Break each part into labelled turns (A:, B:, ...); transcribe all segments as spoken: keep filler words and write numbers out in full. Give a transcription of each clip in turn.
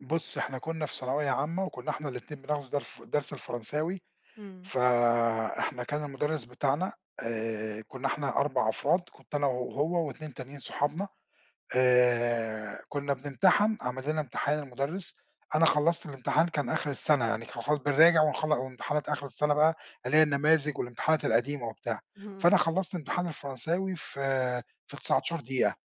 A: بُصّي إحنا كنا في ثانوية عامة، وكنا إحنا الاتنين بناخدوا درف درس الفرنساوي،
B: امم.
A: فإحنا كان المدرس بتاعنا آآ، كنا إحنا أربع أفراد، كنت أنا وهو واتنين تانيين صحابنا، آآ، كنا بنمتحن، عَمَل لنا امتحان المدرس، أنا خلصت الامتحان كان آخر السنة يعني كان خلا بنراجع ونخلّ وامتحانات آخر السنة بقى اللي هي النماذج والامتحانات القديمة وبتاع،
B: اهم.
A: فأنا خلّصت امتحان الفرنساوي في في تسعتاشر دقيقة.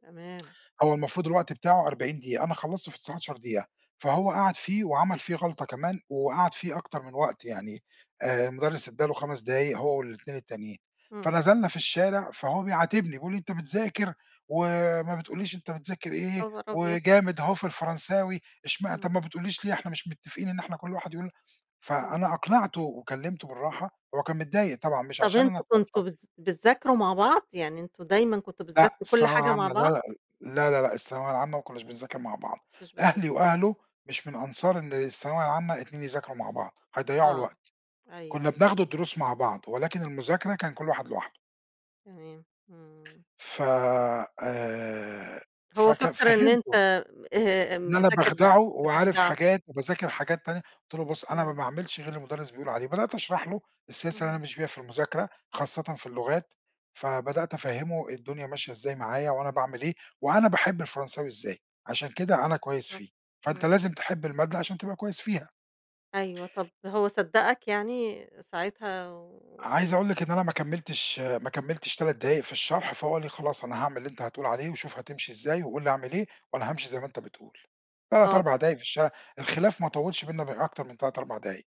B: تمام.
A: هو المفروض الوقت بتاعه أربعين دقيقة، أنا خلّصته في تسعتاشر دقيقة، فهو قعد فيه وعمل فيه غلطة كمان، وقعد فيه أكتر من وقت يعني، آآ، المدرس ادّى له خمس دقايق هو والاتنين التانيين،
B: امم.
A: فنزلنا في الشارع، فهو بيعاتبني بيقول لي: "أنت بتذاكر وما بتقولّيش أنت بتذاكر إيه
B: خبر أبيض!
A: وجامد أهو في الفرنساوي، اشمع
B: امم.
A: طب ما بتقولّيش ليه؟ إحنا مش متفقين إن إحنا كُلّ واحد يقول"، فأنا
B: امم.
A: أقنعته وكلّمته بالراحة، هو كان متضايق طبعًا مش
B: طب
A: عشان
B: أنتم
A: أنا
B: كنتم
A: [unintelligible]
B: بتذ بتذاكروا مع بعض، يعني أنتم دايمًا كنتم
A: لأ،
B: بتذكروا كل
A: الثانوية
B: حاجة مع
A: العامة، لا
B: بعض؟
A: لا لا لا لأ، الثانوية العامة ما كناش بنذاكر مع بعض،
B: مش بتذاكروا.
A: أهلي وأهله مش من أنصار إن الثانوية العامة اتنين يذاكروا مع بعض، هيضيعوا
B: آه،
A: الوقت،
B: أيوه
A: كنا
B: أيوه.
A: بناخد الدروس مع بعض، ولكن المذاكرة كان كُلّ واحد لوحده.
B: تمام، إمم.
A: ف آآ،
B: هو
A: فكان
B: فكّر إن أنت
A: فهّمته
B: م آآ،
A: إن أنا
B: مذاكر بقى
A: باخدعه وعارف
B: بتخدعه.
A: حاجات وباذاكر حاجات تانية، قُلت له: "بُصّ، أنا ما
B: إمم.
A: باعملش غير اللي المدرس بيقول عليه"، بدأت أشرح له السياسة اللي
B: اهم.
A: أنا ماشي بيها في المذاكرة خاصةً في اللغات، فبدأت أفهّمه الدنيا ماشية إزاي معايا وأنا باعمل إيه، وأنا باحب الفرنساوي إزاي، عشان كده أنا كويس
B: بالضبط
A: فيه، فأنت
B: إمم.
A: لازم تحب المادة عشان تبقى كويس فيها.
B: أيوه طب هو صدّقك يعني ساعتها و
A: عايز أقول لِك إن أنا ما كمّلتش ما كمّلتش تلات دقايق في الشرح، فهو قال لي: "خلاص أنا هاعمل اللي أنت هتقول عليه، وشوف هتمشي إزاي، وقل لي أعمل إيه، وأنا هامشي زي ما أنت بتقول"، تلات
B: آه.
A: أربع دقايق في الشارع، الخلاف ما طوّلش بيننا بأكتر من تلات أربع دقايق.